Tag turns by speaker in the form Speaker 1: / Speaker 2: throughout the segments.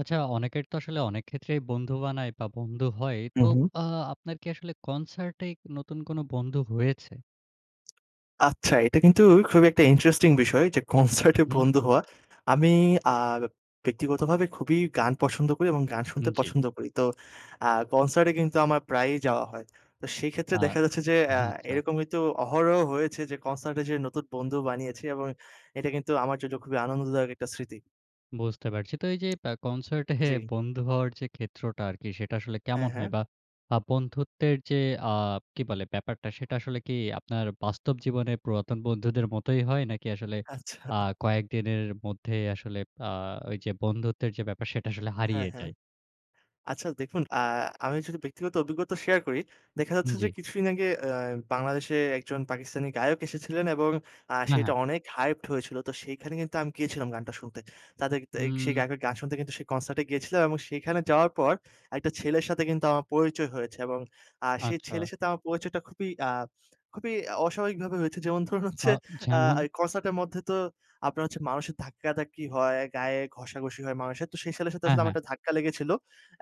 Speaker 1: আচ্ছা, অনেকের তো আসলে অনেক ক্ষেত্রেই বন্ধু বানায়, বা বন্ধু হয়।
Speaker 2: উ
Speaker 1: তো
Speaker 2: হুম।
Speaker 1: আ আপনার কি আসলে কনসার্টে নতুন কোন বন্ধু হয়েছে?
Speaker 2: আচ্ছা, এটা কিন্তু খুবই একটা ইন্টারেস্টিং বিষয় যে,
Speaker 1: উম
Speaker 2: কনসার্টে
Speaker 1: হুম।
Speaker 2: বন্ধু হওয়া। আমি আব ব্যক্তিগতভাবে খুবই গান পছন্দ করি, এবং গান
Speaker 1: উ
Speaker 2: শুনতে
Speaker 1: জি।
Speaker 2: পছন্দ করি। তো আ কনসার্টে কিন্তু আমার প্রায়ই যাওয়া হয়। তো সেই ক্ষেত্রে
Speaker 1: আ
Speaker 2: দেখা যাচ্ছে যে, অ্যা
Speaker 1: হা আচ্ছা।
Speaker 2: এরকম কিন্তু অহরহ হয়েছে, যে, কনসার্টে যেয়ে নতুন বন্ধু বানিয়েছি, এবং এটা কিন্তু আমার জন্য খুবই আনন্দদায়ক একটা স্মৃতি।
Speaker 1: বুঝতে পারছি। তো এই যে, বা কনসার্টে
Speaker 2: জি।
Speaker 1: বন্ধু হওয়ার যে, ক্ষেত্রটা আরকি, সেটা আসলে
Speaker 2: হ্যাঁ,
Speaker 1: কেমন
Speaker 2: হ্যাঁ।
Speaker 1: হয়? বা আ বন্ধুত্বের যে, আ কি বলে? ব্যাপারটা সেটা আসলে কি আপনার বাস্তব জীবনে পুরাতন বন্ধুদের মতোই হয়? নাকি আসলে
Speaker 2: আচ্ছা।
Speaker 1: আ কয়েকদিনের মধ্যেই আসলে আ ওই যে, বন্ধুত্বের যে, ব্যাপার, সেটা আসলে
Speaker 2: হ্যাঁ,
Speaker 1: হারিয়ে
Speaker 2: হ্যাঁ।
Speaker 1: যায়?
Speaker 2: আচ্ছা, দেখুন আ আমি যদি ব্যক্তিগত অভিজ্ঞতা শেয়ার করি, দেখা
Speaker 1: উ
Speaker 2: যাচ্ছে যে,
Speaker 1: জি।
Speaker 2: কিছুদিন আগে অ্যা বাংলাদেশে একজন পাকিস্তানি গায়ক এসেছিলেন, এবং আ
Speaker 1: হ্যাঁ,
Speaker 2: সেটা
Speaker 1: হ্যাঁ।
Speaker 2: অনেক হাইপড হয়েছিল। তো সেইখানে কিন্তু আমি গিয়েছিলাম, গানটা শুনতে। তাদেক তায়িক সেই
Speaker 1: উম
Speaker 2: গায়কের গান শুনতে, কিন্তু সেই কনসার্টে গিয়েছিলাম, এবং সেইখানে যাওয়ার পর একটা ছেলের সাথে কিন্তু আমার পরিচয় হয়েছে, এবং আ সেই
Speaker 1: আচ্ছা।
Speaker 2: ছেলের সাথে আমার পরিচয়টা খুবই, আ খুবই অস্বাভাবিকভাবে হয়েছে। যেমন ধরুন
Speaker 1: আ
Speaker 2: হচ্ছে, আ
Speaker 1: যেমন?
Speaker 2: এ কনসার্ট এর মধ্যে তো আপনার হচ্ছে মানুষের ধাক্কাধাক্কি হয়, গায়ে ঘষাঘষি হয় মানুষের। তো সেই ছেলের সাথে
Speaker 1: হ্যাঁ,
Speaker 2: আসলে আমার
Speaker 1: হ্যাঁ।
Speaker 2: একটা ধাক্কা লেগেছিল।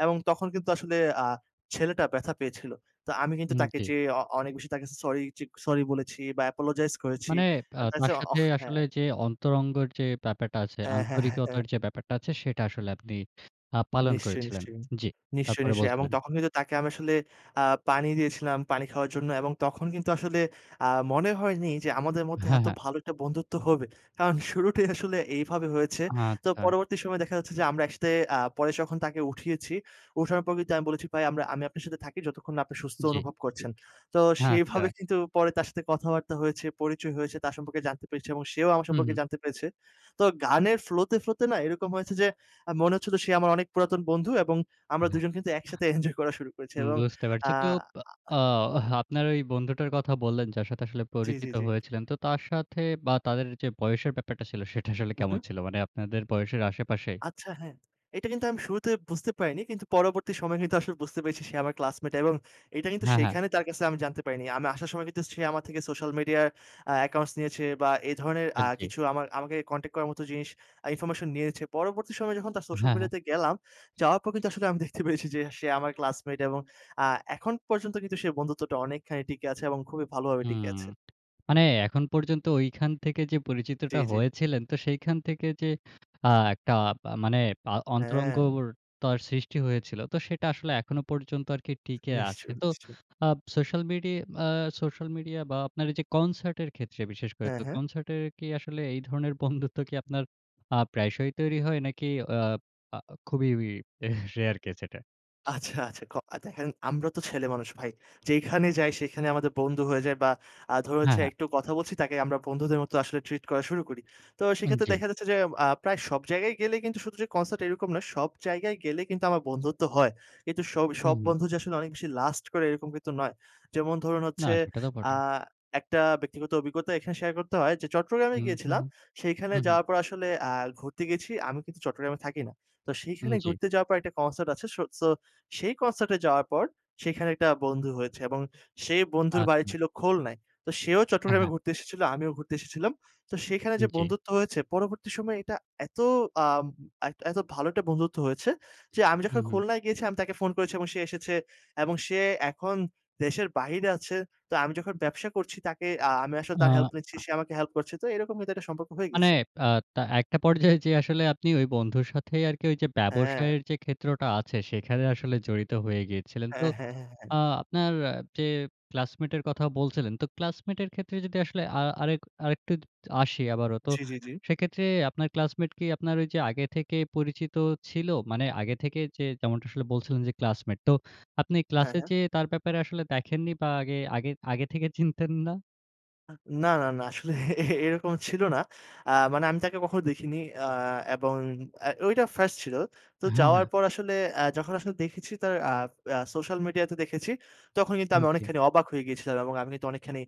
Speaker 2: এবং তখন কিন্তু আসলে আ ছেলেটা ব্যথা পেয়েছিল। তো আমি কিন্তু
Speaker 1: উম
Speaker 2: তাকে
Speaker 1: জি।
Speaker 2: যেয়ে, অ অনেক বেশি তাকে সরি চিক সরি বলেছি, বা অ্যাপোলোজাইজ করেছি।
Speaker 1: মানে আ
Speaker 2: বা দেখা গেছে
Speaker 1: তার সাথে
Speaker 2: অহ হ্যাঁ।
Speaker 1: আসলে যে, অন্তরঙ্গর যে, ব্যাপারটা আছে,
Speaker 2: এ হ্যাঁ, হ্যাঁ, হ্যাঁ।
Speaker 1: আন্তরিকতার যে, ব্যাপারটা আছে সেটা আসলে আপনি আ পালন
Speaker 2: নিশ্চয়ই,
Speaker 1: করেছিলেন।
Speaker 2: নিশ্চয়ই,
Speaker 1: জি।
Speaker 2: নিশ্চয়ই,
Speaker 1: তারপরে
Speaker 2: নিশ্চয়ই। এবং
Speaker 1: বলছিলেন?
Speaker 2: তখন কিন্তু তাকে আমি আসলে আ পানি দিয়েছিলাম, পানি খাওয়ার জন্য, এবং তখন কিন্তু আসলে আ মনে হয়নি যে, আমাদের মধ্যে
Speaker 1: হ্যাঁ,
Speaker 2: এতো
Speaker 1: হ্যাঁ।
Speaker 2: ভালো একটা বন্ধুত্ব হবে। কারণ শুরুটাই আসলে এইভাবে হয়েছে। তো
Speaker 1: আচ্ছা।
Speaker 2: পরবর্তী সময়ে দেখা যাচ্ছে, যে, আমরা একসাথে আ পরে যখন তাকে উঠিয়েছি, ওঠার পর কিন্তু আমি বলেছি, "ভাই আমরা আমি আপনার সাথে থাকি, যতক্ষণ না আপনি সুস্থ
Speaker 1: জি।
Speaker 2: অনুভব করছেন।" তো
Speaker 1: হ্যাঁ, আচ্ছা।
Speaker 2: সেভাবে কিন্তু পরে তার সাথে কথাবার্তা হয়েছে, পরিচয় হয়েছে, তার সম্পর্কে জানতে পেরেছি, এবং সেও আমার
Speaker 1: হুম,
Speaker 2: সম্পর্কে
Speaker 1: হুম।
Speaker 2: জানতে পেরেছে। তো গানের ফ্লোতে, ফ্লোতে না এরকম হয়েছে, যে, আ মনে হচ্ছিলো সে আমার অনেক পুরাতন বন্ধু, এবং আমরা দুজন কিন্তু একসাথে এনজয় করা শুরু করেছি।
Speaker 1: হুম,
Speaker 2: এবং
Speaker 1: বুঝতে
Speaker 2: আ
Speaker 1: পারছি। কেউ বা
Speaker 2: আ আ
Speaker 1: আ আপনার ওই বন্ধুটার কথা বললেন, যার সাথে আসলে
Speaker 2: জি, জি,
Speaker 1: পরিচিত
Speaker 2: জি।
Speaker 1: হয়েছিলেন, তো তার সাথে বা তাদের যে, বয়সের ব্যাপারটা ছিল, সেটা আসলে
Speaker 2: উম
Speaker 1: কেমন
Speaker 2: হুম।
Speaker 1: ছিল? মানে আপনাদের বয়সের আশেপাশেই?
Speaker 2: আচ্ছা, হ্যাঁ। এটা কিন্তু আমি শুরুতে বুঝতে পারিনি, কিন্তু পরবর্তী সময়ে কিন্তু আসলে বুঝতে পেরেছি, সে আমার ক্লাসমেট, এবং এইটা কিন্তু
Speaker 1: হ্যাঁ, হ্যাঁ।
Speaker 2: সেখানে তার কাছে আমি জানতে পারিনি। আমি আসার সময় কিন্তু সে আমার থেকে সোশ্যাল মিডিয়ার অ্যা অ্যাকাউন্টস নিয়েছে, বা এই ধরনের
Speaker 1: আ
Speaker 2: আ
Speaker 1: জি।
Speaker 2: কিছু আমা আমাকে কনট্যাক্ট করার মতো জিনিস ইনফরমেশন নিয়েছে। পরবর্তী সময়ে যখন তার সোশ্যাল
Speaker 1: হ্যাঁ, হ্যাঁ।
Speaker 2: মিডিয়াতে গেলাম, যাওয়ার পর কিন্তু আসলে আমি দেখতে পেয়েছি, যে, সে আমার ক্লাসমেট, এবং আ এখন পর্যন্ত কিন্তু সে বন্ধুত্বটা অনেকখানি টিকে আছে, এবং খুবই ভালোভাবে টিকে
Speaker 1: হুম।
Speaker 2: আছে।
Speaker 1: মানে এখন পর্যন্ত ঐখান থেকে যে,
Speaker 2: জি,
Speaker 1: পরিচিতটা
Speaker 2: জি।
Speaker 1: হয়েছিলেন, তো সেইখান থেকে যে, আ একটা পা মানে পা
Speaker 2: হ্যাঁ।
Speaker 1: অন্তরঙ্গর তার সৃষ্টি হয়েছিল। তো সেটা আসলে এখনো পর্যন্ত আরকি টিকে আছে।
Speaker 2: নিশ্চয়ই,
Speaker 1: তো
Speaker 2: নিশ্চয়ই।
Speaker 1: আপ সোশ্যাল মিডি আ সোশ্যাল মিডিয়া বা আপনার এইযে কনসার্টের ক্ষেত্রে, বিশেষ করে
Speaker 2: হ্যাঁ,
Speaker 1: তো
Speaker 2: হ্যাঁ।
Speaker 1: কনসার্টের কি আসলে এই ধরনের বন্ধুত্ব কি আপনার আ প্রায়শই তৈরি হয়? নাকি অ পা আ খুবই রেয়ার কেস এটা?
Speaker 2: আচ্ছা, আচ্ছা ক এ দেখেন আমরা তো ছেলেমানুষ ভাই। যেখানে যাই সেইখানে আমাদের বন্ধু হয়ে যায়, বা আ ধরুন
Speaker 1: হ্যাঁ,
Speaker 2: হচ্ছে
Speaker 1: হ্যাঁ।
Speaker 2: একটু কথা বলছি, তাকে আমরা বন্ধুদের মতো আসলে ট্রিট করা শুরু করি। তো
Speaker 1: আন
Speaker 2: সেইক্ষেত্রে
Speaker 1: জি।
Speaker 2: দেখা যাচ্ছে, যে, আ প্রায় সব জায়গায় গেলে, কিন্তু শুধু যে, কনসার্ট এরকম নয়, সব জায়গায় গেলে কিন্তু আমার বন্ধুত্ব হয়। কিন্তু সব
Speaker 1: উ
Speaker 2: সব
Speaker 1: হুম।
Speaker 2: বন্ধু যে, আসলে অনেক বেশি লাস্ট করে এরকম কিন্তু নয়। যেমন ধরুন
Speaker 1: না,
Speaker 2: হচ্ছে
Speaker 1: সেটা তো
Speaker 2: আ
Speaker 1: বটেই।
Speaker 2: একটা ব্যক্তিগত অভিজ্ঞতা এখানে শেয়ার করতে হয়, যে, চট্টগ্রামে
Speaker 1: উম হুম,
Speaker 2: গিয়েছিলাম। সেইখানে
Speaker 1: উম হুম।
Speaker 2: যাওয়ার পর আসলে আ ঘুরতে গিয়েছি। আমি কিন্তু চট্টগ্রামে থাকি না। তো
Speaker 1: উম
Speaker 2: সেইখানে
Speaker 1: জি।
Speaker 2: ঘুরতে যাওয়ার পর একটা কনসার্ট আছে। সোট সো সেই কনসার্ট এ যাওয়ার পর সেখানে একটা বন্ধু হয়েছে, এবং সেই বন্ধুর বাড়ি
Speaker 1: আচ্ছা।
Speaker 2: ছিল খুলনায়। তো সেও
Speaker 1: হ্যাঁ,
Speaker 2: চট্টগ্রামে
Speaker 1: হ্যাঁ।
Speaker 2: ঘুরতে এসেছিল। আমিও ঘুরতে এসেছিলাম। তো সেইখানে যে,
Speaker 1: জি।
Speaker 2: বন্ধুত্ব হয়েছে পরবর্তী সময়ে এটা এতো আম এক এত এতো ভালো একটা বন্ধুত্ব হয়েছে, যে, আমি
Speaker 1: উম
Speaker 2: যখন
Speaker 1: হুম।
Speaker 2: খুলনায় গিয়েছি, আমি তাকে ফোন করেছি, এবং সে এসেছে, এবং সে এখন দেশের বাহিরে আছে। তো আমি যখন ব্যবসা করছি তাকে আ আমি আসলে
Speaker 1: আ
Speaker 2: তার হেল্প নিচ্ছি,
Speaker 1: আ
Speaker 2: সে আমাকে হেল্প করছে। তো এরকম কিন্তু একটা সম্পর্ক হয়ে
Speaker 1: মানে
Speaker 2: গিয়েছে।
Speaker 1: বা তা একটা পর্যায়ে যে, আসলে, আপনি ওই বন্ধুর সাথেই আরকি ওই যে,
Speaker 2: হ্যাঁ।
Speaker 1: ব্যবসায়ের যে, ক্ষেত্রটা আছে, সেখানে আসলে জড়িত হয়ে গিয়েছিলেন। তো
Speaker 2: হ্যাঁ, হ্যাঁ, হ্যাঁ,
Speaker 1: আ
Speaker 2: হ্যাঁ।
Speaker 1: আপনার যে, ক্লাসমেটের কথা বলছিলেন, তো ক্লাসমেটের ক্ষেত্রে যদি আসলে আ আরেক আরেকটু দ আসি আবারো। তো
Speaker 2: জি, জি, জি।
Speaker 1: সেক্ষেত্রে আপনার ক্লাসমেট কি আপনার ওই যে, আগে থেকে পরিচিত ছিল? মানে আগে থেকে যে, যেমনটা আসলে বলছিলেন, যে, ক্লাসমেট। তো আপনি
Speaker 2: হ্যাঁ,
Speaker 1: ক্লাসে
Speaker 2: হ্যাঁ।
Speaker 1: যেয়ে তার ব্যাপারে আসলে দেখেননি? বা আগে, আগে আগে থেকে চিনতেন না?
Speaker 2: আ না, না, না। আসলে এরকম ছিল না। আ মানে আমি তাকে কখনো দেখিনি। আ এবং আ ঐটা 1st ছিল। তো
Speaker 1: হ্যাঁ,
Speaker 2: যাওয়ার
Speaker 1: হ্যাঁ।
Speaker 2: পর আসলে আ যখন আসলে দেখেছি তার আ আ সোশ্যাল মিডিয়া তে দেখেছি, তখন কিন্তু
Speaker 1: উম
Speaker 2: আমি
Speaker 1: জি।
Speaker 2: অনেকখানি অবাক হয়ে গিয়েছিলাম এবং আমি কিন্তু অনেকখানি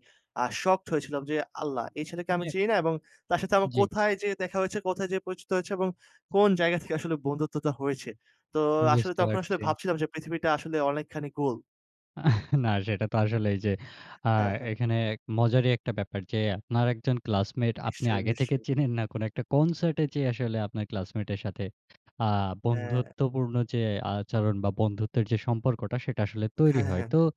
Speaker 2: আ শকড হয়েছিলাম যে, আল্লাহ এই ছেলেকে আমি
Speaker 1: মানে
Speaker 2: চিনি না। এবং তার সাথে আমার
Speaker 1: জি।
Speaker 2: কোথায় যেয়ে দেখা হয়েছে, কোথায় যেয়ে পরিচিত হয়েছে এবং কোন জায়গা থেকে আসলে বন্ধুত্বটা হয়েছে। তো আসলে
Speaker 1: বুঝতে
Speaker 2: তখন আসলে
Speaker 1: পারছি।
Speaker 2: ভাবছিলাম যে, পৃথিবীটা আসলে অনেকখানি গোল।
Speaker 1: না সেটা তো আসলে এই যে, আ
Speaker 2: হ্যাঁ, হ্যাঁ।
Speaker 1: এখানে এক মজারই একটা ব্যাপার যে, আপনার একজন ক্লাসমেট আপনি
Speaker 2: নিশ্চয়ই,
Speaker 1: আগে থেকে
Speaker 2: নিশ্চয়ই।
Speaker 1: চেনেন না কোন একটা কনসার্টে যেয়ে আসলে আপনার ক্লাসমেটের সাথে আ
Speaker 2: হ্যাঁ।
Speaker 1: বন্ধুত্বপূর্ণ যে, আচরণ বা বন্ধুত্বের যে, সম্পর্কটা সেটা আসলে তৈরি
Speaker 2: হ্যাঁ, হ্যাঁ,
Speaker 1: হয়।
Speaker 2: হ্যাঁ,
Speaker 1: তো
Speaker 2: হ্যাঁ।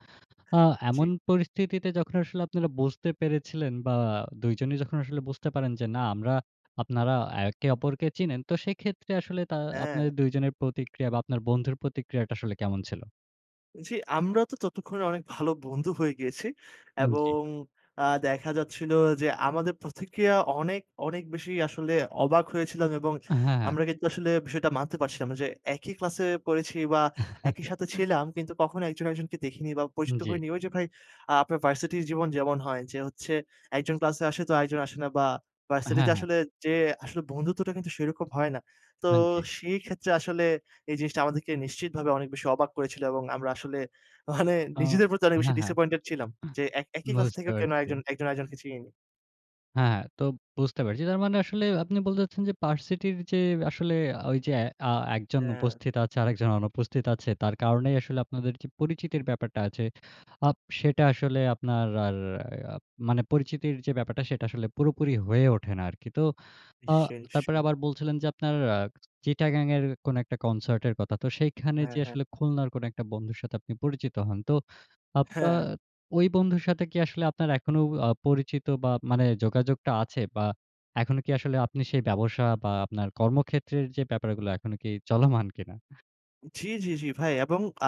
Speaker 1: আ এমন
Speaker 2: জি।
Speaker 1: পরিস্থিতিতে যখন আসলে আপনারা বুঝতে পেরেছিলেন বা ২ জনই যখন আসলে বুঝতে পারেন যে, না আমরা, আপনারা একে অপরকে চিনেন। তো সেক্ষেত্রে আসলে তা
Speaker 2: হ্যাঁ।
Speaker 1: আপনাদের ২ জনের প্রতিক্রিয়া বা আপনার বন্ধুর প্রতিক্রিয়াটা আসলে কেমন ছিল?
Speaker 2: জি, আমরা তো ততক্ষণে অনেক ভালো বন্ধু হয়ে গিয়েছি
Speaker 1: উম জি।
Speaker 2: এবং আ দেখা যাচ্ছিলো যে, আমাদের প্রতিক্রিয়া অনেক, অনেক বেশি আসলে অবাক হয়েছিলাম এবং
Speaker 1: আ হ্যাঁ, হ্যাঁ।
Speaker 2: আমরা কিন্তু আসলে বিষয়টা মানতে পারছিলাম না যে, একই ক্লাসে পড়েছি বা একই সাথে ছিলাম কিন্তু কখনো একজন, একজনকে দেখিনি বা
Speaker 1: উন
Speaker 2: পরিচিত
Speaker 1: জি।
Speaker 2: হইনি। ওই যে, ভাই আ আপনার ভার্সিটির জীবন যেমন হয়। যে, হচ্ছে ১ জন ক্লাসে আসে তো আরেকজন আসে না বা
Speaker 1: আ
Speaker 2: ভার্সিটিতে
Speaker 1: হ্যাঁ, হ্যাঁ।
Speaker 2: আসলে যেয়ে আসলে বন্ধুত্বটা কিন্তু সেরকম হয় না। তো
Speaker 1: হান জি।
Speaker 2: সেই ক্ষেত্রে আসলে এই জিনিসটা আমাদেরকে নিশ্চিতভাবে অনেক বেশি অবাক করেছিল এবং আমরা আসলে মানে
Speaker 1: আ
Speaker 2: নিজেদের প্রতি অনেক বেশি
Speaker 1: হ্যাঁ, হ্যাঁ।
Speaker 2: ডিসাপয়েন্টেড ছিলাম।
Speaker 1: আ
Speaker 2: যে, এক একই ক্লাস
Speaker 1: বুঝতে
Speaker 2: থেকেও কেন
Speaker 1: পারছি।
Speaker 2: একজন, আর একজনকে চিনিনি।
Speaker 1: হ্যাঁ, তো বুঝতে পেরেছি। তার মানে আসলে আপনি বলতে চাচ্ছেন যে, ভার্সিটির যে, আসলে ঐ যে, আ ১ জন
Speaker 2: হ্যাঁ।
Speaker 1: উপস্থিত আছে আরেকজন অনুপস্থিত আছে তার কারণেই আসলে আপনাদের কি পরিচিতির ব্যাপারটা আছে আ সেটা আসলে আপনার আর আ মানে পরিচিতির যে, ব্যাপারটা সেটা আসলে পুরোপুরি হয়ে ওঠে না আর কি। তো আ
Speaker 2: নিশ্চয়ই,
Speaker 1: তারপরে
Speaker 2: নিশ্চয়ই।
Speaker 1: আবার বলছিলেন যে, আপনার আ 'চিটাগাং' এর কোন একটা কনসার্টের কথা তো সেখানে
Speaker 2: হ্যাঁ,
Speaker 1: যে,
Speaker 2: হ্যাঁ,
Speaker 1: আসলে
Speaker 2: হ্যাঁ।
Speaker 1: 'খুলনার' কোনো একটা বন্ধুর সাথে আপনি পরিচিত হন। তো আপনার
Speaker 2: হ্যাঁ।
Speaker 1: ওই বন্ধুর সাথে কি আসলে আপনার এখনও আ পরিচিত বা মানে যোগাযোগটা আছে বা এখনো কি আসলে আপনি সেই ব্যবসা বা আপনার কর্মক্ষেত্রের যে, ব্যাপারগুলো এখনো কি চলমান কি না?
Speaker 2: জি, জি, জি, ভাই, এবং আ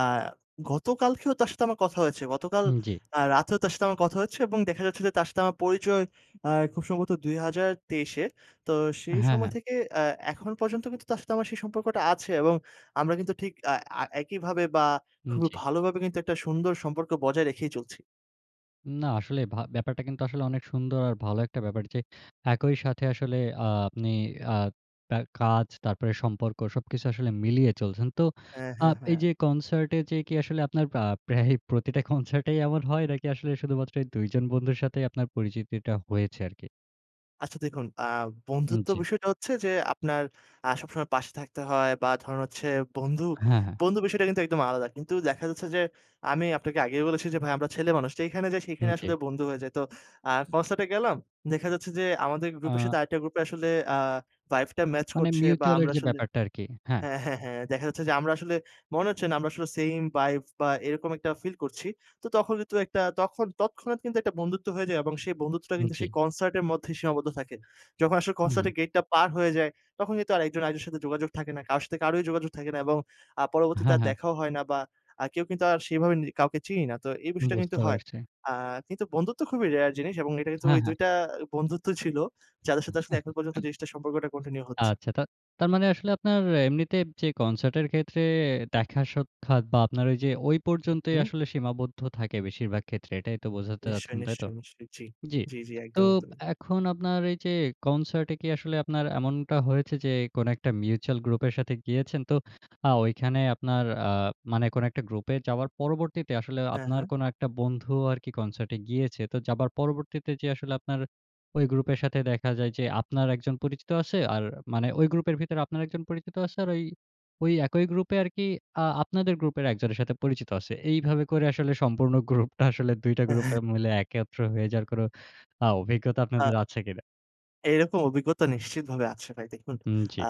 Speaker 2: গতকালকেও তার সাথে আমার কথা হয়েছে। গতকাল
Speaker 1: হুম, জি।
Speaker 2: আ রাতেও তার সাথে আমার কথা হয়েছে এবং দেখা যাচ্ছে যে, তার সাথে আমার পরিচয় আ খুব সম্ভবত ২০২৩ এ তো সেই
Speaker 1: হ্যাঁ,
Speaker 2: সময়
Speaker 1: হ্যাঁ।
Speaker 2: থেকে আ এখন পর্যন্ত কিন্তু তার সাথে আমার সেই সম্পর্কটা আছে এবং আমরা কিন্তু ঠিক আ এ একইভাবে বা
Speaker 1: হুম,
Speaker 2: খুবই
Speaker 1: জি।
Speaker 2: ভালোভাবে কিন্তু একটা সুন্দর সম্পর্ক বজায় রেখেই চলছি।
Speaker 1: না, আসলে ভা ব্যাপারটা কিন্তু আসলে অনেক সুন্দর আর ভালো একটা ব্যাপার যে, একই সাথে আসলে আ আপনি আ তার কাজ তারপরে সম্পর্ক সবকিছু আসলে মিলিয়ে চলছেন। তো
Speaker 2: হ্যাঁ,
Speaker 1: আ
Speaker 2: হ্যাঁ,
Speaker 1: এই
Speaker 2: হ্যাঁ।
Speaker 1: যে, কনসার্টে যে, কি আসলে আপনার প্রা প্রায়ই প্রতিটা কনসার্টেই এমন হয় নাকি আসলে শুধুমাত্র এই ২ জন বন্ধুর সাথেই আপনার পরিচিতিটা হয়েছে আর কি?
Speaker 2: আচ্ছা, দেখুন আ
Speaker 1: উম
Speaker 2: বন্ধুত্ব
Speaker 1: জ্বি।
Speaker 2: বিষয়টা হচ্ছে যে, আপনার আ সবসময় পাশে থাকতে হয়, বা ধরেন হচ্ছে বন্ধু,
Speaker 1: হ্যাঁ, হ্যাঁ।
Speaker 2: বন্ধু বিষয়টা কিন্তু একদম আলাদা। কিন্তু দেখা যাচ্ছে, যে, আমি আপনাকে আগেই বলেছি, যে, ভাই আমরা ছেলে মানুষ। যেইখানে যাই,
Speaker 1: উম
Speaker 2: সেইখানে
Speaker 1: জ্বি।
Speaker 2: আসলে বন্ধু হয়ে যায়। তো আ কনসার্ট এ গেলাম। দেখা যাচ্ছে, যে, আমাদের গ্রুপের সাথে,
Speaker 1: আ
Speaker 2: আরেকটা গ্রুপ এ আসলে আ ভাইব টা ম্যাচ
Speaker 1: মানে
Speaker 2: করছে, বা
Speaker 1: মিউচ্যুয়াল এর
Speaker 2: আমরা
Speaker 1: যে,
Speaker 2: আসলে
Speaker 1: ব্যাপারটা আরকি। হ্যাঁ।
Speaker 2: হ্যাঁ, হ্যাঁ, হ্যাঁ, দেখা যাচ্ছে, যে, আমরা আসলে মনে হচ্ছে না আমরা আসলে সেইম ভাইব, বা এরকম একটা ফিল করছি। তো তখন কিন্তু একটা তখ তৎক্ষণাৎ কিন্তু একটা বন্ধুত্ব হয়ে যায়, এবং সেই বন্ধুত্বটা
Speaker 1: উম
Speaker 2: কিন্তু
Speaker 1: জ্বি।
Speaker 2: সেই কনসার্ট এর মধ্যেই সীমাবদ্ধ থাকে। যখন আসলে কনসার্ট
Speaker 1: হুম।
Speaker 2: এর গেটটা পার হয়ে যায়, তখন কিন্তু আর ১ জন আরেকজনের সাথে যোগাযোগ থাকে না। কারো সাথে কারোই যোগাযোগ থাকে না, এবং আ পরবর্তীতে
Speaker 1: হ্যাঁ,
Speaker 2: আর
Speaker 1: হ্যাঁ।
Speaker 2: দেখাও হয় না, বা আ কেউ কিন্তু আর সেইভাবে নি কাউকে চিনি না। তো এই বিষয়টা কিন্তু
Speaker 1: বুঝতে
Speaker 2: হয়।
Speaker 1: পারছি।
Speaker 2: আ কিন্তু বন্ধুত্ব খুবই রেয়ার জিনিস এবং এটা কিন্তু
Speaker 1: হ্যাঁ,
Speaker 2: ওই
Speaker 1: হ্যাঁ।
Speaker 2: ২ টা বন্ধুত্ব ছিল, যাদের সাথে আসলে এখন পর্যন্ত জিনিসটা সম্পর্কটা কন্টিনিউ হচ্ছে।
Speaker 1: আচ্ছা তা তার মানে আসলে আপনার এমনিতে যে, কনসার্টের ক্ষেত্রে, দেখা সাক্ষাৎ, বা আপনার ওই যে, ওই
Speaker 2: উম
Speaker 1: পর্যন্তই
Speaker 2: হুম।
Speaker 1: আসলে সীমাবদ্ধ থাকে, বেশিরভাগ ক্ষেত্রে। এটাই তো বোঝাতে
Speaker 2: নিশ্চয়ই,
Speaker 1: চাচ্ছেন, তাই তো?
Speaker 2: নিশ্চয়ই, নিশ্চয়ই। জ্বি,
Speaker 1: জ্বি।
Speaker 2: জ্বি, জ্বি।
Speaker 1: তো
Speaker 2: একদম, একদমই।
Speaker 1: এখন আপনার এই যে, কনসার্টে কি আসলে আপনার এমনটা হয়েছে, যে, কোন একটা মিউচ্যুয়াল গ্রুপের সাথে গিয়েছেন। তো আ ঐখানে আপনার আ মানে কোন একটা গ্রুপে যাওয়ার পরবর্তীতে আসলে
Speaker 2: হ্যাঁ,
Speaker 1: আপনার
Speaker 2: হ্যাঁ।
Speaker 1: কোন একটা বন্ধু আরকি কনসার্টে গিয়েছে। তো যাবার পরবর্তীতে যে, আসলে আপনার ওই গ্রুপের সাথে দেখা যায় যে, আপনার একজন পরিচিত আছে, আর মানে ঐ গ্রুপের ভিতরে আপনার একজন পরিচিত আছে, আর ওই, ওই একই গ্রুপে আরকি আ আপনাদের গ্রুপের একজনের সাথে পরিচিত আছে। এইভাবে করে আসলে সম্পূর্ণ গ্রুপটা আসলে ২ টা গ্রুপে
Speaker 2: এহ
Speaker 1: মিলে একত্র হয়ে যার কোনো আ অভিজ্ঞতা
Speaker 2: আ
Speaker 1: আপনাদের আছে কিনা?
Speaker 2: এরকম অভিজ্ঞতা নিশ্চিতভাবে আছে ভাই। দেখুন,
Speaker 1: উম জি।
Speaker 2: আ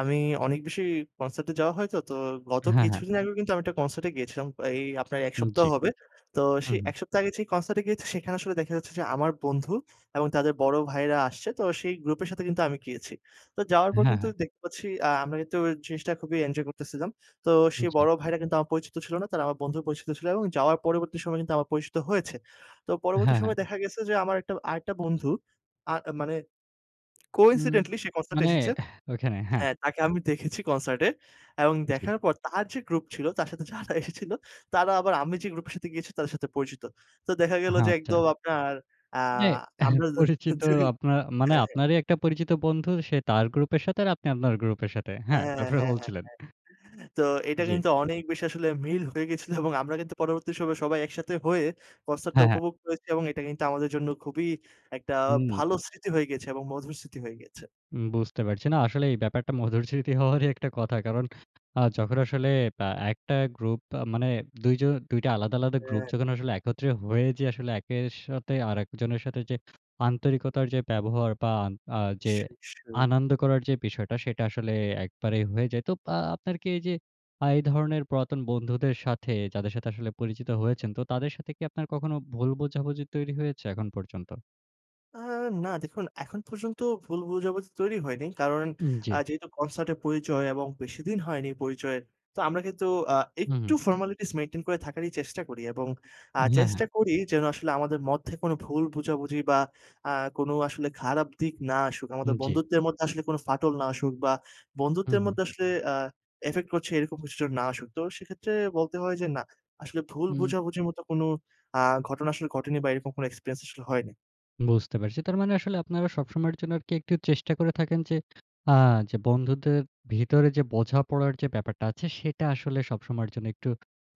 Speaker 2: আমি অনেক বেশি কনসার্ট এ যাওয়া হয়তো। তো গত
Speaker 1: হ্যাঁ, হ্যাঁ।
Speaker 2: কিছুদিন আগে কিন্তু আমি একটা কনসার্ট এ গিয়েছিলাম। এই আপনার এক
Speaker 1: উম
Speaker 2: সপ্তাহ
Speaker 1: জ্বি।
Speaker 2: হবে। তো সে
Speaker 1: হুম, হুম।
Speaker 2: ১ সপ্তাহ আগে যে, কনসার্ট এ গিয়েছি, সেখানে আসলে দেখা যাচ্ছে, যে, আমার বন্ধু এবং তাদের বড় ভাইয়েরা আসছে। তো সেই গ্রুপের সাথে, কিন্তু আমি গিয়েছি। তো যাওয়ার পর
Speaker 1: হ্যাঁ,
Speaker 2: কিন্তু
Speaker 1: হ্যাঁ।
Speaker 2: দেখতে পাচ্ছি, আ আমরা কিন্তু জিনিসটা খুবই এনজয় করতেছিলাম। তো সেই
Speaker 1: জী।
Speaker 2: বড় ভাইরা কিন্তু আমার পরিচিত ছিল না। তারা আমার বন্ধুর পরিচিত ছিল, এবং যাওয়ার পরবর্তী সময়ে কিন্তু আমার পরিচিত হয়েছে। তো পরবর্তী
Speaker 1: হ্যাঁ, হ্যাঁ।
Speaker 2: সময়ে দেখা গেছে, যে, আমার একটা আরেকটা বন্ধু, আ মানে
Speaker 1: উ
Speaker 2: কোইন্সিডেন্টলি সে কনসার্ট এ
Speaker 1: মানে
Speaker 2: এসেছে
Speaker 1: এহ ঐখানে, হ্যাঁ।
Speaker 2: হ্যাঁ, তাকে আমি দেখেছি কনসার্টে এবং
Speaker 1: জী।
Speaker 2: দেখার পর তার যে, গ্রুপ ছিল, তার সাথে যারা এসেছিল, তারা আবার আমি যে, গ্রুপের সাথে গিয়েছি, তাদের সাথে পরিচিত। তো দেখা গেল
Speaker 1: হা
Speaker 2: যে,
Speaker 1: আচ্ছা।
Speaker 2: একদম আপনার, আ
Speaker 1: মানে এহ
Speaker 2: আমরা জা
Speaker 1: পরিচিত
Speaker 2: জি,
Speaker 1: আপনার, মানে
Speaker 2: হ্যাঁ, হ্যাঁ।
Speaker 1: আপনারই একটা পরিচিত বন্ধু, সে তার গ্রুপের সাথে, আর আপনি আপনার গ্রুপের সাথে। হ্যাঁ,
Speaker 2: হ্যাঁ, হ্যাঁ,
Speaker 1: তারপরে
Speaker 2: হ্যাঁ, হ্যাঁ,
Speaker 1: বলছিলেন?
Speaker 2: হ্যাঁ। তো এটা
Speaker 1: জী।
Speaker 2: কিন্তু অনেক বেশি আসলে মিল হয়ে গিয়েছিলো, এবং আমরা কিন্তু পরবর্তী সময়ে সবাই একসাথে হয়ে, কনসার্ট টা
Speaker 1: হ্যাঁ, হ্যাঁ।
Speaker 2: উপভোক্ত করেছি এবং এটা কিন্তু আমাদের জন্য খুবই একটা
Speaker 1: হুম।
Speaker 2: ভালো স্মৃতি হয়ে গিয়েছে, এবং মধুর স্মৃতি হয়ে গিয়েছে।
Speaker 1: উম বুঝতে পারছি। না, আসলেই এই ব্যাপারটা মধুর স্মৃতি হওয়ারই একটা কথা। কারণ আ যখন আসলে বা একটা গ্রুপ বা মানে, ২ জন ২ টা আলাদা, আলাদা গ্রুপ
Speaker 2: হ্যাঁ।
Speaker 1: যখন আসলে একত্রে হয়ে যে, আসলে একের সাথে আরেকজনের সাথে যে, আন্তরিকতার যে, ব্যবহার বা আ যে,
Speaker 2: নিশ্চয়ই, নিশ্চয়ই।
Speaker 1: আনন্দ করার যে, বিষয়টা, সেটা আসলে একবারেই হয়ে যায়। তো পা আপনার কি এই যে, আ এই ধরনের পুরাতন বন্ধুদের সাথে, যাদের সাথে আসলে পরিচিত হয়েছেন। তো তাদের সাথে কি আপনার কখনো ভুল বোঝাবুঝি তৈরি হয়েছে, এখন পর্যন্ত?
Speaker 2: আ না, দেখুন এখন পর্যন্ত ভুল বুঝাবুঝি তৈরি হয়নি। কারণ
Speaker 1: উম
Speaker 2: আ
Speaker 1: জ্বি।
Speaker 2: যেহেতু কনসার্টের পরিচয় এবং বেশিদিন হয়নি পরিচয়ের। তো আমরা কিন্তু আ
Speaker 1: হুম,
Speaker 2: একটু
Speaker 1: হুম।
Speaker 2: ফরমালিটিস মেইনটেইন করে থাকারই চেষ্টা করি এবং আ
Speaker 1: হ্যাঁ, হ্যাঁ।
Speaker 2: চেষ্টা করি যেন আসলে আমাদের মধ্যে কোনো ভুল বোঝাবুঝি বা আ কোনো আসলে খারাপ দিক না আসুক। আমাদের
Speaker 1: উম জ্বি।
Speaker 2: বন্ধুত্বের মধ্যে আসলে কোন ফাটল না আসুক বা
Speaker 1: হুম,
Speaker 2: বন্ধুত্বের
Speaker 1: হুম।
Speaker 2: মধ্যে আসলে আ ইফেক্ট করছে, এরকম কিছু যেন না আসুক। তো সেক্ষেত্রে বলতে হয় যে, না, আসলে ভুল
Speaker 1: উম
Speaker 2: বোঝাবুঝির মতো কোনো আ ঘটনা আসলে ঘটেনি বা এরকম কোনো এক্সপেরিয়েন্স আসলে হয়নি।
Speaker 1: বুঝতে পারছি। তার মানে আসলে আপনারা সবসময়ের জন্য আরকি, একটু চেষ্টা করে থাকেন যে, আ যে, বন্ধুদের ভিতরে যে, বোঝাপড়ার যে, ব্যাপারটা আছে, সেটা আসলে সবসময়ের জন্য একটু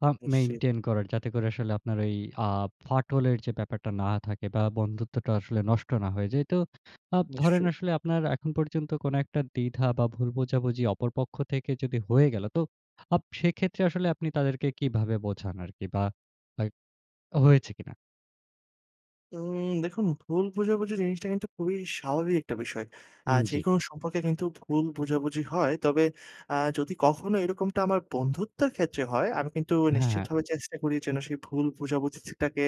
Speaker 1: আ
Speaker 2: বুসছি।
Speaker 1: মেইনটেইন করার, যাতে করে আসলে আপনার ওই আ ফাটলের যে, ব্যাপারটা না থাকে বা বন্ধুত্বটা আসলে নষ্ট না হয়ে যায়। তো আ ধরেন
Speaker 2: নিশ্চয়ই।
Speaker 1: আসলে আপনার এখন পর্যন্ত কোন একটা দ্বিধা বা ভুল বোঝাবুঝি, অপর পক্ষ থেকে যদি হয়ে গেল? তো আপ সেক্ষেত্রে আসলে আপনি তাদেরকে কিভাবে বোঝান আরকি বা অ্যা হয়েছে কিনা?
Speaker 2: উম দেখুন, ভুল বোঝাবুঝি জিনিসটা কিন্তু খুবই স্বাভাবিক একটা বিষয়। আ
Speaker 1: উম জ্বি।
Speaker 2: যেকোনো সম্পর্কে কিন্তু ভুল বোঝাবুঝি হয়। তবে আ যদি কখনো এরকমটা আমার বন্ধুত্বের ক্ষেত্রে হয়, আমি কিন্তু
Speaker 1: হ্যাঁ, হ্যাঁ।
Speaker 2: নিশ্চিতভাবে চেষ্টা করি, যেন সেই ভুল বোঝাবুঝিটাকে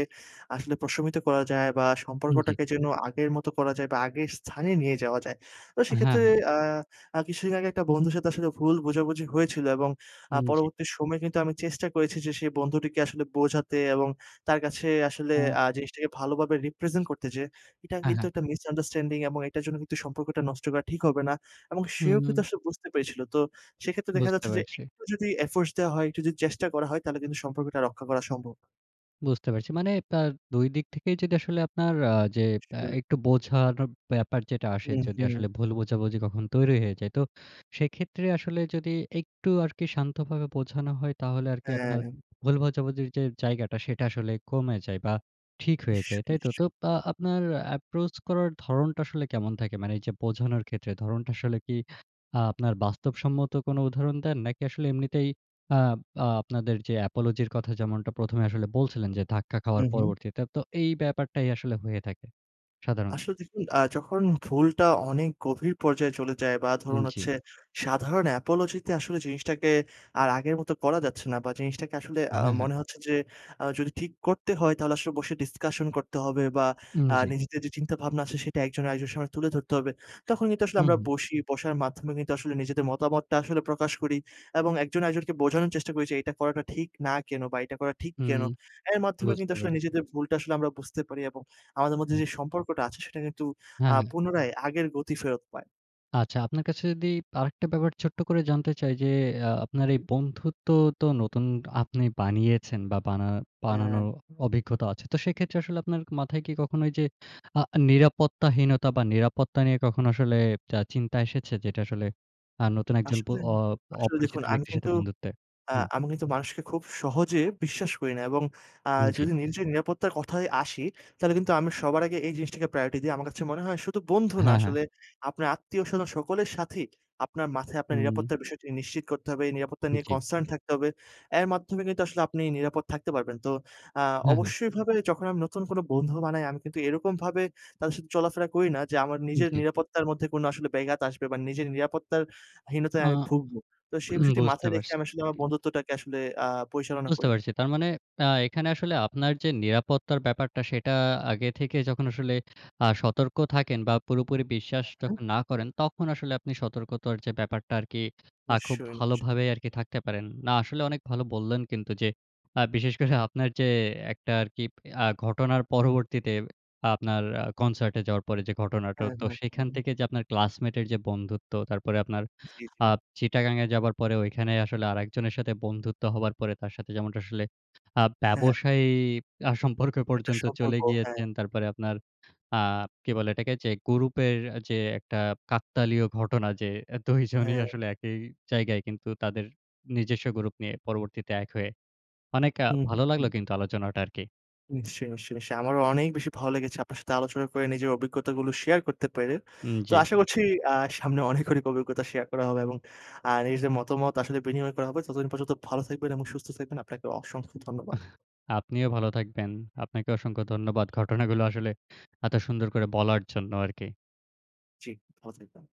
Speaker 2: আসলে প্রশমিত করা যায় বা
Speaker 1: উম জ্বি।
Speaker 2: সম্পর্কটাকে যেন আগের মতো করা যায় বা আগের স্থানে নিয়ে যাওয়া যায়। তো
Speaker 1: হ্যাঁ,
Speaker 2: সেক্ষেত্রে,
Speaker 1: হ্যাঁ।
Speaker 2: আ আ কিছুদিন আগে একটা বন্ধুর সাথে আসলে ভুল বোঝাবুঝি হয়েছিল এবং আ
Speaker 1: উম জ্বি।
Speaker 2: পরবর্তী সময়ে কিন্তু, তো আমি চেষ্টা করেছি যে, সেই বন্ধুটিকে আসলে বোঝাতে এবং তার কাছে আসলে
Speaker 1: অ
Speaker 2: আ জিনিসটাকে ভালোভাবে রিপ্রেজেন্ট করতে যে, এটা
Speaker 1: হ্যাঁ,
Speaker 2: কিন্তু
Speaker 1: হ্যাঁ।
Speaker 2: একটা মিসআন্ডারস্ট্যান্ডিং এবং এটার জন্য কিন্তু সম্পর্কটা নষ্ট করা ঠিক হবে না। এবং সেও কিন্তু
Speaker 1: হুম।
Speaker 2: আসলে বুঝতে পেরেছিলো। তো সেক্ষেত্রে দেখা
Speaker 1: বুঝতে
Speaker 2: যাচ্ছে যে,
Speaker 1: পারছি।
Speaker 2: একটু যদি এফোর্টস দেওয়া হয়, একটু যদি চেষ্টা করা হয়, তাহলে কিন্তু সম্পর্কটা রক্ষা করা সম্ভব।
Speaker 1: বুঝতে পারছি। মানে তার ২ দিক থেকেই যদি আসলে আপনার আ যে, আ
Speaker 2: সরে।
Speaker 1: একটু বোঝানোর ব্যাপার যেটা আসে,
Speaker 2: হুম,
Speaker 1: যদি
Speaker 2: হুম।
Speaker 1: আসলে ভুল বোঝাবুঝি কখনো তৈরি হয়ে যায়। তো, সেক্ষেত্রে আসলে যদি একটু আরকি শান্তভাবে বোঝানো হয়, তাহলে আরকি আপনার
Speaker 2: হ্যাঁ।
Speaker 1: ভুল বোঝাবুঝির যে, জায়গাটা, সেটা আসলে কমে যায় বা, ঠিক হয়ে
Speaker 2: নিশ্চয়,
Speaker 1: যায়, তাই তো?
Speaker 2: নিশ্চয়।
Speaker 1: তো, আ আপনার approach করার ধরনটা আসলে কেমন থাকে? মানে এইযে বোঝানোর ক্ষেত্রে, ধরণটা আসলে কি আপনার বাস্তবসম্মত কোন উদাহরণ দেন? নাকি আসলে এমনিতেই আব আ আপনাদের যে, apology র কথা, যেমনটা ১ম এ আসলে বলছিলেন যে, ধাক্কা খাওয়ার
Speaker 2: হুম, হুম?
Speaker 1: পরবর্তীতে। তো এই ব্যাপারটাই আসলে হয়ে থাকে, সাধারণত।
Speaker 2: আসলে দেখুন, আ যখন ভুলটা অনেক গভীর পর্যায়ে চলে যায় বা, ধরুন
Speaker 1: হুম, জি।
Speaker 2: হচ্ছে, সাধারণ apology তে আসলে জিনিসটাকে আর আগের মত করা যাচ্ছে না বা, জিনিসটাকে আসলে আ
Speaker 1: হ্যাঁ, হ্যাঁ।
Speaker 2: মনে হচ্ছে যে, আ যদি ঠিক করতে হয়, তাহলে আসলে বসে discusion করতে হবে বা,
Speaker 1: হুম,
Speaker 2: আ
Speaker 1: জি।
Speaker 2: নিজেদের যে, চিন্তাভাবনা আছে, সেটা একজন আরেকজনের সামনে তুলে ধরতে হবে। তখন কিন্তু আসলে
Speaker 1: হুম,
Speaker 2: আমরা
Speaker 1: হুম।
Speaker 2: বসি, বসার মাধ্যমে কিন্তু আসলে নিজেদের মতামতটা আসলে প্রকাশ করি এবং একজন আরেকজনকে বোঝানোর চেষ্টা করি যে, এটা করাটা ঠিক না কেন বা, এটা করা ঠিক
Speaker 1: হুম,
Speaker 2: কেন। এর মাধ্যমে কিন্তু
Speaker 1: বুঝতে
Speaker 2: আসলে
Speaker 1: পারছি।
Speaker 2: নিজেদের ভুলটা আসলে আমরা বুঝতে পারি এবং আমাদের মধ্যে,
Speaker 1: হুম।
Speaker 2: যে, সম্পর্কটা আছে, সেটা কিন্তু আ
Speaker 1: হ্যাঁ, হ্যাঁ।
Speaker 2: পুনরায় আগের গতি ফেরত পায়।
Speaker 1: আচ্ছা, আপনার কাছে যদি আরেকটা ব্যাপার ছোট্ট করে জানতে চাই, যে, আ আপনার এই
Speaker 2: হুম।
Speaker 1: বন্ধুত্ব তো নতুন আপনি বানিয়েছেন বা বানা
Speaker 2: হ্যাঁ।
Speaker 1: বানানোর অভিজ্ঞতা আছে। তো সেক্ষেত্রে আসলে আপনার মাথায় কি কখনো ওই যে, আ নিরাপত্তাহীনতা বা নিরাপত্তা নিয়ে কখনো আসলে আ চিন্তা এসেছে যে, আসলে আ নতুন একজন প
Speaker 2: আসলে
Speaker 1: অ
Speaker 2: আসলে
Speaker 1: অপরিচিত
Speaker 2: দেখুন আমি
Speaker 1: ব্যক্তির সাথে
Speaker 2: কিন্তু,
Speaker 1: বন্ধুত্বে?
Speaker 2: আ
Speaker 1: হুম।
Speaker 2: আমি কিন্তু মানুষকে খুব সহজে বিশ্বাস করি না এবং আ
Speaker 1: উম জি।
Speaker 2: যদি নিজের নিরাপত্তার কথায় আসি, তাহলে কিন্তু আমি সবার আগে এই জিনিসটাকে priority দিই। আমার কাছে মনে হয় শুধু বন্ধু না
Speaker 1: হ্যাঁ, হ্যাঁ।
Speaker 2: আসলে, আপনার আত্মীয় স্বজন সকলের সাথেই আপনার মাথায় আপনার
Speaker 1: হুম।
Speaker 2: নিরাপত্তার বিষয়টি নিশ্চিত করতে হবে। এই নিরাপত্তা নিয়ে
Speaker 1: জি।
Speaker 2: concern থাকতে হবে। এর মাধ্যমে কিন্তু আসলে আপনি নিরাপদ থাকতে পারবেন। তো আ
Speaker 1: হ্যাঁ, হ্যাঁ।
Speaker 2: অবশ্যইভাবে যখন আমি নতুন কোন বন্ধু বানাই। আমি কিন্তু এরকমভাবে তাদের সাথে চলাফেরা করি না, যে, আমার
Speaker 1: উম
Speaker 2: নিজের
Speaker 1: জি।
Speaker 2: নিরাপত্তার মধ্যে কোনো আসলে বেঘাত আসবে বা নিজের নিরাপত্তার
Speaker 1: আ
Speaker 2: হীনতায় ভুগব। তো সেই
Speaker 1: হুম,
Speaker 2: বিষয়টি
Speaker 1: বুঝতে
Speaker 2: মাথায় রেখে
Speaker 1: পারছি।
Speaker 2: আমি আসলে আমার বন্ধুত্বটাকে আসলে আ পরিচালনা
Speaker 1: বুঝতে
Speaker 2: করি।
Speaker 1: পারছি। তারমানে আ এখানে আসলে আপনার যে, নিরাপত্তার ব্যাপারটা, সেটা আগে থেকে যখন আসলে আ সতর্ক থাকেন বা পুরোপুরি বিশ্বাস
Speaker 2: হুম, হুম।
Speaker 1: যখন না করেন তখন আসলে আপনি সতর্কতার যে, ব্যাপারটা আরকি আ খুব
Speaker 2: নিশ্চয়ই, নিশ্চয়ই।
Speaker 1: ভালোভাবে আরকি থাকতে পারেন। না, আসলে অনেক ভালো বললেন কিন্তু, যে, আ বিশেষ করে আপনার যে, একটা আর কি আ ঘটনার পরবর্তীতে আপনার আ concert এ যাওয়ার পরে যে, ঘটনাটা,
Speaker 2: হ্যাঁ,
Speaker 1: তো সেখান
Speaker 2: হ্যাঁ।
Speaker 1: থেকে যে, আপনার classmate এর যে, বন্ধুত্ব, তারপরে আপনার
Speaker 2: জি, জি।
Speaker 1: আ চিটাগাঙে যাবার পরে ঐখানে আসলে আরেকজনের সাথে বন্ধুত্ব হবার পরে, তার সাথে যেমনটা আসলে আ
Speaker 2: হ্যাঁ, হ্যাঁ।
Speaker 1: ব্যবসায়ী আ সম্পর্কে
Speaker 2: এটা
Speaker 1: পর্যন্ত
Speaker 2: সম্পর্ক,
Speaker 1: চলে
Speaker 2: হ্যাঁ।
Speaker 1: গিয়েছেন। তারপরে আপনার আ কি বলে এটাকে? যে, গ্রুপের যে, একটা কাকতালীয় ঘটনা যে, ২ জনই
Speaker 2: হ্যাঁ।
Speaker 1: আসলে একই জায়গায়, কিন্তু তাদের নিজস্ব গ্রুপ নিয়ে পরবর্তীতে এক হয়ে অনেক আ
Speaker 2: হুম,
Speaker 1: ভালো লাগলো
Speaker 2: হুম।
Speaker 1: কিন্তু আলোচনাটা আরকি।
Speaker 2: নিশ্চয়ই, নিশ্চয়, নিশ্চয়ই। আমারও অনেক বেশি ভালো লেগেছে আপনার সাথে আলোচনা করে, নিজের অভিজ্ঞতাগুলো share করতে পেরে।
Speaker 1: হুম,
Speaker 2: তো
Speaker 1: জি।
Speaker 2: আশা করছি আ সামনে অনেক, অনেক অভিজ্ঞতা share করা হবে এবং আ নিজেদের মতামত আসলে বিনিময় করা হবে। ততদিন পর্যন্ত ভালো থাকবেন এবং সুস্থ থাকবেন, আপনাকে অসংখ্য ধন্যবাদ।
Speaker 1: আপনিও ভালো থাকবেন। আপনাকে অসংখ্য ধন্যবাদ। ঘটনাগুলো আসলে এত সুন্দর করে বলার জন্য আরকি।
Speaker 2: জি, ভালো থাকবেন।